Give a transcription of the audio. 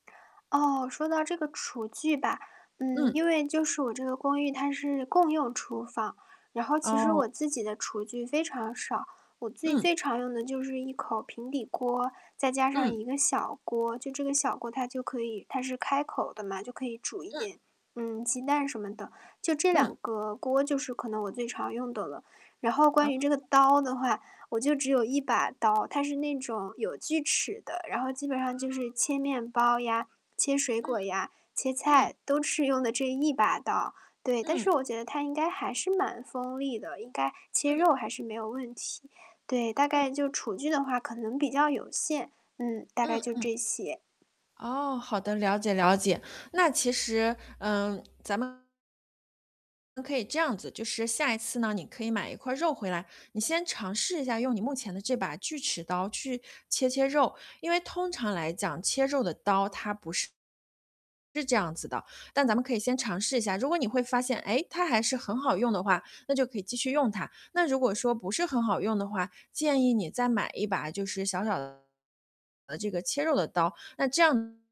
哦，说到这个厨具吧，呃，嗯。因为就是我这个公寓，它是共用厨房，然后其实哦。我自己的厨具非常少。我自己嗯。最常用的就是一口平底锅，再加上嗯。一个小锅。就这个小锅，它就可以它是开口的嘛，就可以煮一嗯。点，嗯，鸡蛋什么的。就这嗯。两个锅，就是可能我最常用的了。然后关于这哦。个刀的话，我就只有1把刀。它是那种有锯齿的，然后基本上就是哦。切面包呀、切水嗯，果呀、切嗯。菜，都是用的这一把刀。对，但是嗯。我觉得它应该还是蛮锋利的，应该切嗯。肉还是没有问题。对，大嗯。概就厨具的话可能比较有限，嗯，大嗯概就嗯。这些。哦，好的，了解了解。那其实，呃，咱们嗯，可以这样子，就是下一次呢，你可以买一块儿肉回来，你先尝试一下用你目前的这把锯齿刀去切切肉。因为通常来讲，切肉的刀，它不是是这样子的。但咱们可以先尝试一下，如果你会发现，诶，它还是很好用的话，那就可以继续用它。那如果说不是很好用的话，建议你再买一把就是小小的这个切肉的刀，那这样